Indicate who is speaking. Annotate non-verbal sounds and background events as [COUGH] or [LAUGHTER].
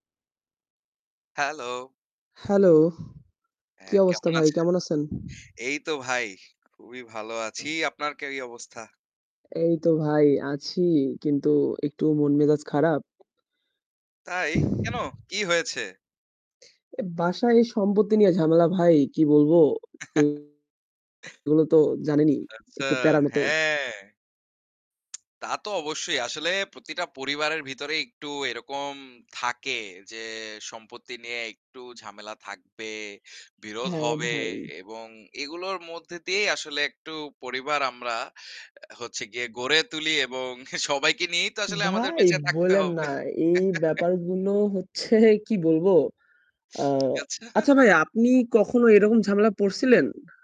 Speaker 1: Hello!
Speaker 2: Hello! কি
Speaker 1: হ্যাঁ,
Speaker 2: অবস্থা
Speaker 1: কেমন
Speaker 2: ভাই?
Speaker 1: আছেন?
Speaker 2: কেমন আছেন?
Speaker 1: এই তো ভাই, খুবই ভালো আছি। আপনার কেই অবস্থা?
Speaker 2: এই তো ভাই আছি। কিন্তু একটু মন মেজাজ খারাপ।
Speaker 1: তাই? কেন? কি হয়েছে?
Speaker 2: অ্যা বাসায় সম্পত্তি নিয়ে ঝামেলা ভাই। কি বলব?
Speaker 1: [CHUCKLES]
Speaker 2: এগুলো তো জানেনই।
Speaker 1: আচ্ছা,
Speaker 2: একটু প্যারার মতো
Speaker 1: হ্যাঁ। তা তো অবশ্যই। আসলে প্রতিটা পরিবারের ভিতরেই একটু এরকম থাকে যে সম্পত্তি নিয়ে একটু ঝামেলা থাকবে, বিরোধ
Speaker 2: হ্যাঁ
Speaker 1: হবে
Speaker 2: ভাই।
Speaker 1: এবং এগুলোর মধ্যে দিয়েই আসলে একটু পরিবার আমরা অ্যা হচ্ছে গিয়ে গড়ে তুলি এবং সবাইকে নিয়েই তো আসলে আমাদের
Speaker 2: ভাই
Speaker 1: বেঁচে থাকতে
Speaker 2: বইলেন
Speaker 1: হবে।
Speaker 2: না। এই
Speaker 1: [CHUCKLES]
Speaker 2: ব্যাপারগুলো হচ্ছে কি বলব? আ
Speaker 1: আচ্ছা।
Speaker 2: আচ্ছা ভাই আপনি কখনো এরকম ঝামেলায় পড়ছিলেন?